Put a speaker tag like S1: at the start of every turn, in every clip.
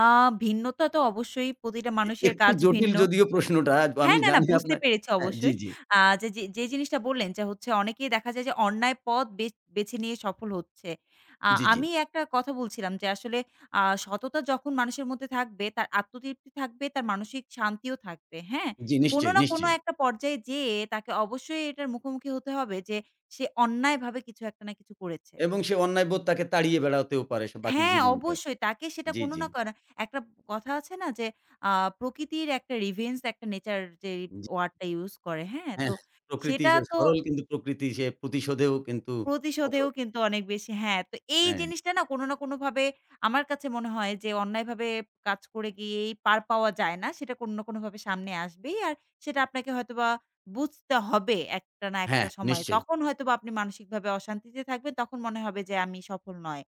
S1: আ ভিন্নতা তো অবশ্যই প্রতিটা মানুষের
S2: একটু
S1: কাজ
S2: জটিল
S1: ভিন্ন
S2: যদিও প্রশ্নটা
S1: হ্যাঁ,
S2: আমি
S1: না, না
S2: জানি
S1: বুঝতে
S2: আপনার
S1: পেরেছি
S2: হ্যাঁ, জ্বী,
S1: অবশ্যই।
S2: জ্বী।
S1: যে, জি জিনিসটা বললেন, যে, হচ্ছে অনেকেই দেখা যায় যে, অন্যায় পথ বেচ বেছে নিয়ে সফল হচ্ছে। আ
S2: জ্বি, জ্বি।
S1: আমি একটা কথা বলছিলাম যে, আসলে আ সততা যখন মানুষের মধ্যে থাকবে, তার আত্মতৃপ্তি থাকবে, তার মানসিক শান্তিও থাকবে। হ্যাঁ?
S2: জ্বি,
S1: কোন
S2: নিশ্চয়ই,
S1: না কোন
S2: নিশ্চয়ই।
S1: একটা পর্যায়ে যেয়ে তাকে অবশ্যই এটার মুখোমুখি হতে হবে, যে, সে অন্যায়ভাবে কিছু একটা না কিছু করেছে।
S2: এবং সে অন্যায়বোধ তাকে তাড়িয়ে বেড়াতেও পারে বাকি
S1: হ্যাঁ,
S2: জীবনটা
S1: অবশ্যই তাকে সেটা
S2: জ্বী,
S1: কোনো
S2: জ্বী।
S1: না কোনো একটা কথা আছে না যে, আ প্রকৃতির একটা রিভেঞ্জ একটা নেচার যে,
S2: জ্বি।
S1: ওয়ারড টা ইউস করে হ্যাঁ? তো
S2: হ্যাঁ, প্রকৃতি
S1: সেটা
S2: স
S1: তো
S2: সরল কিন্তু প্রকৃতি সে প্রতিশোধেও কিন্তু
S1: প্রতিশোধেও
S2: কঠোর।
S1: কিন্তু অনেক বেশি হ্যাঁ, তো এই
S2: হ্যাঁ।
S1: জিনিসটা না কোন না কোনভাবে আমার কাছে মনে হয় যে, অন্যায়ভাবে কাজ করে গিয়েই পার পাওয়া যায় না। সেটা কোন না কোনভাবে সামনে আসবেই। আর সেটা আপনাকে হয়তোবা বুঝতে হবে একটা না একটা
S2: হ্যাঁ,
S1: সময়।
S2: নিশ্চয়ই।
S1: তখন হয়তোবা আপনি মানসিকভাবে অশান্তিতে থাকবেন, তখন মনে হবে যে, আমি সফল নয়।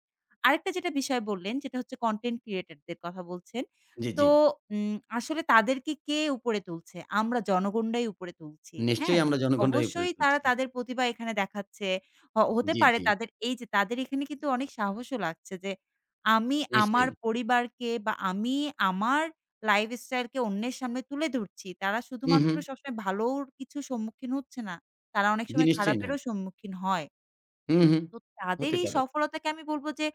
S1: আরেকটা যেটা বিষয় বললেন, সেটা হচ্ছে কনটেন্ট ক্রিয়েটর দের কথা বলছেন।
S2: জ্বী,
S1: তো
S2: জ্বী।
S1: উ আসলে তাদেরকে, কে উপরে তুলছে, আমরা জনগণরাই উপরে তুলছি। হ্যাঁ,
S2: নিশ্চয়ই আমরা জনগণের উপরে
S1: অবশ্যই তারা
S2: তুলছি।
S1: তাদের প্রতিভা এখানে দেখাচ্ছে, হ হতে
S2: জ্বী,
S1: পারে
S2: জ্বী।
S1: তাদের এই যে, তাদের এখানে কিন্তু অনেক সাহসও লাগছে, যে, আমি আমার
S2: নিশ্চয়ই।
S1: পরিবারকে, বা আমি আমার লাইফ স্টাইলকে অন্যের সামনে তুলে ধরছি। তারা
S2: হু,
S1: শুধুমাত্র
S2: হুম।
S1: সবসময় ভালোর কিছুর সম্মুখীন হচ্ছে না, তারা অনেক
S2: জিনিস
S1: সময়
S2: নিশ্চয়ই নাই।
S1: খারাপেরও সম্মুখীন হয়।
S2: হুঁ, হুঁ,
S1: তো
S2: হতে
S1: তাদেরই
S2: পারে।
S1: সফলতাকে আমি বলব, যে,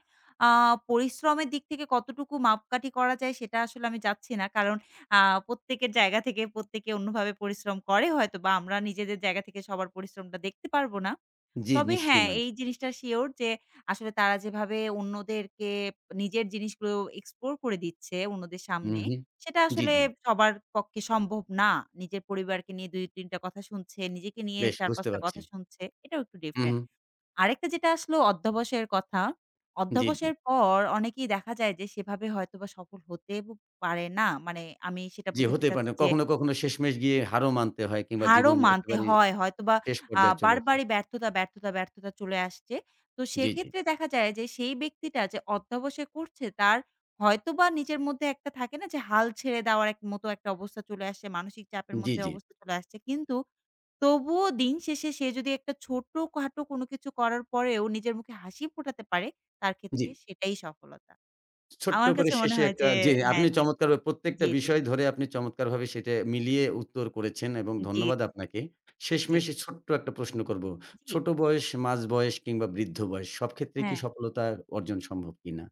S1: আ পরিশ্রমের দিক থেকে কতটুকু মাপকাঠি করা যায়, সেটা আসলে আমি যাচ্ছি না। কারণ আ প্রত্যেকের জায়গা থেকে প্রত্যেকে অন্যভাবে পরিশ্রম করে হয়তোবা আমরা নিজেদের জায়গা থেকে সবার পরিশ্রমটা দেখতে পারবো না।
S2: জ্বি,
S1: তবে
S2: নিশ্চয়ই
S1: হ্যাঁ,
S2: নয়।
S1: এই জিনিসটা শিওর যে, আসলে, তারা যেভাবে অন্যদেরকে নিজের জিনিসগুলো এক্সপ্লোর করে দিচ্ছে, অন্যদের
S2: হুঁ,
S1: সামনে
S2: হুঁ,
S1: সেটা
S2: জ্বি,
S1: আসলে
S2: জ্বি।
S1: সবার পক্ষে সম্ভব না। নিজের পরিবারকে নিয়ে ২ ৩ টা কথা শুনছে, নিজেকে নিয়ে
S2: বেশ
S1: ৪ ৫
S2: বুঝতে
S1: টা
S2: পারছি।
S1: কথা শুনছে। এটাও একটু
S2: হু,
S1: ডিফারেন্ট।
S2: হুম।
S1: আরেকটা যেটা আসল অধ্যাবসের কথা।
S2: জ্বী, জ্বী।
S1: অধ্যাবসের পর অনেকেই দেখা যায় যে, সেভাবে হয়তোবা সফল হতে পারে না। মানে আমি সেটা
S2: জ্বি,
S1: বুঝাতে
S2: হতেই পারে না।
S1: চাচ্ছি যে
S2: কখনো, কখনো শেষমেশ গিয়ে হারও মানতে হয়, কিংবা
S1: হারও
S2: জীবন
S1: মানতে
S2: একেবারে
S1: হয়। হয়তোবা
S2: শেষ
S1: আ
S2: পর্যায়ে চলে আসে।
S1: বারবারই ব্যর্থতা, ব্যর্থতা, ব্যর্থতা চলে আসছে। তো
S2: জ্বি, জ্বি।
S1: সেক্ষেত্রে দেখা যায় যে, সেই ব্যক্তিটা যে, অধ্যবসায় করছে, তার হয়তোবা নিজের মধ্যে একটা থাকে না যে, হাল ছেড়ে দেওয়ার মতো একটা অবস্থা চলে আসছে। মানসিক চাপের
S2: জ্বি,
S1: মধ্যে
S2: জ্বি।
S1: অবস্থা চলে আসছে। কিন্তু তবুও দিন শেষে, সে যদি একটা ছোটখাটো কোনো কিছু করার পরেও নিজের মুখে হাসি ফোটাতে পারে, তার ক্ষেত্রে
S2: জ্বী।
S1: সেটাই সফলতা।
S2: ছোট্ট
S1: আমার
S2: করে
S1: কাছে মনে
S2: শেষে
S1: হয়
S2: একটা
S1: যে
S2: যে,
S1: হ্যাঁ,
S2: আপনি
S1: জ্বি,
S2: চমৎকারভাবে প্রত্যেকটা
S1: জ্বি।
S2: বিষয় ধরে আপনি চমৎকারভাবে সেটা মিলিয়ে উত্তর করেছেন, এবং
S1: জ্বি,
S2: ধন্যবাদ আপনাকে।
S1: জ্বী।
S2: শেষমেষে ছোট্ট একটা প্রশ্ন করব।
S1: জ্বি।
S2: ছোট বয়স, মাঝ বয়স কিংবা বৃদ্ধ বয়স সব ক্ষেত্রেই কি
S1: হ্যাঁ।
S2: সফলতা অর্জন সম্ভব কিনা?